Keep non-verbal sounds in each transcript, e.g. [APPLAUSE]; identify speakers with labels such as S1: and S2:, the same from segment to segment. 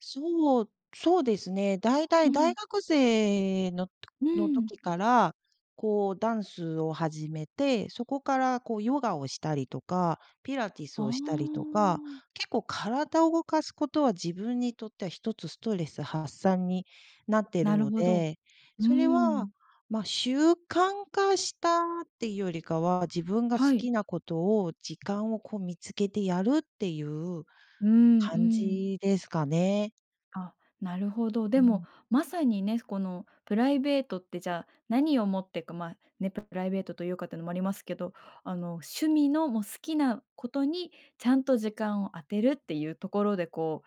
S1: そう、そうですね。大
S2: う
S1: 体大
S2: ん。
S1: 学生の [CLICKS TONGUE]
S2: う
S1: の
S2: ん。
S1: 時から、こう、ダンスを始めて、そこからこうヨガをしたりとか、ピラティス
S2: あ
S1: をしたりとか、
S2: あ。
S1: 結構体を動かすことは自分にとってはひとつストレス発散になってる
S2: なる
S1: の
S2: ほど。
S1: で、
S2: うー
S1: それは、
S2: ん。
S1: ま、習慣化したっていうよりかは、自分が好
S2: はい。
S1: きなことを、時間を、こう、見つけてやるっていう、
S2: うんう
S1: 感
S2: ん。
S1: じですかね。
S2: あっ、なるほど。
S1: う
S2: で
S1: ん。
S2: もまさにね、この、プライベートって、じゃ何を持ってか、まあ、ね、ププライベートというかっていうのもありますけど、あの、趣味のもう好きなことにちゃんと時間を充てるっていうところで、こう、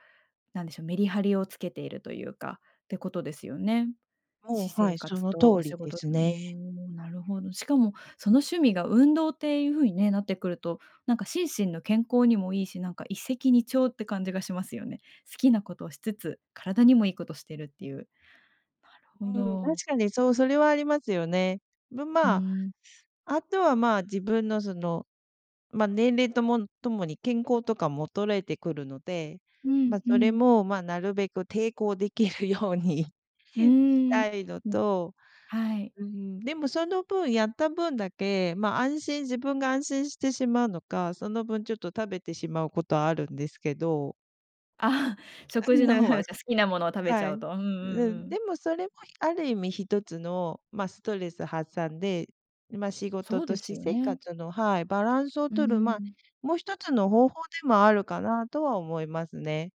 S2: なんでしょ、メリハリをつけているというか、ってことですよね。
S1: も
S2: 私
S1: う、は
S2: 生
S1: い、そ
S2: 活
S1: の
S2: と
S1: 通
S2: お
S1: り
S2: 仕
S1: で
S2: 事
S1: すね。
S2: ん、なるほど。しかもその趣味が運動っていうふうにね、なってくると、なんか心身の健康にもいいし、なんか一石二鳥って感じがしますよね。好きなことをしつつ、体にもいいことしてるっていう。なるほ
S1: うん、確
S2: ど。
S1: かにそう、それはありますよね。ま
S2: う
S1: ま、
S2: ーん。
S1: あとは、まあ、自分のその、ま、年齢ともともに健康とかも衰えてくるので、
S2: うん
S1: ま、
S2: う
S1: それ
S2: ん。
S1: も、まあ、なるべく抵抗できるように
S2: うー
S1: し
S2: ん、
S1: たいの
S2: うん、
S1: と、
S2: はい。
S1: うん、でもその分やった分だけ、ま、安心自分が安心してしまうのか、その分ちょっと食べてしまうことあるんですけど
S2: あっ、食事の方は、じゃ好
S1: [LAUGHS]
S2: きなものを食べち
S1: は
S2: ゃう
S1: い。
S2: と、うんうん
S1: う
S2: う
S1: ん、
S2: ん。
S1: でも、それもある意味ひとつの、ま、ストレス発散で、ま、仕事
S2: そう
S1: と
S2: です
S1: 私
S2: よ
S1: 生
S2: ね。
S1: 活の、はい、バランスを
S2: うー
S1: 取る、ま、
S2: ん。
S1: もひとつの方法でもあるかなとは思いますね。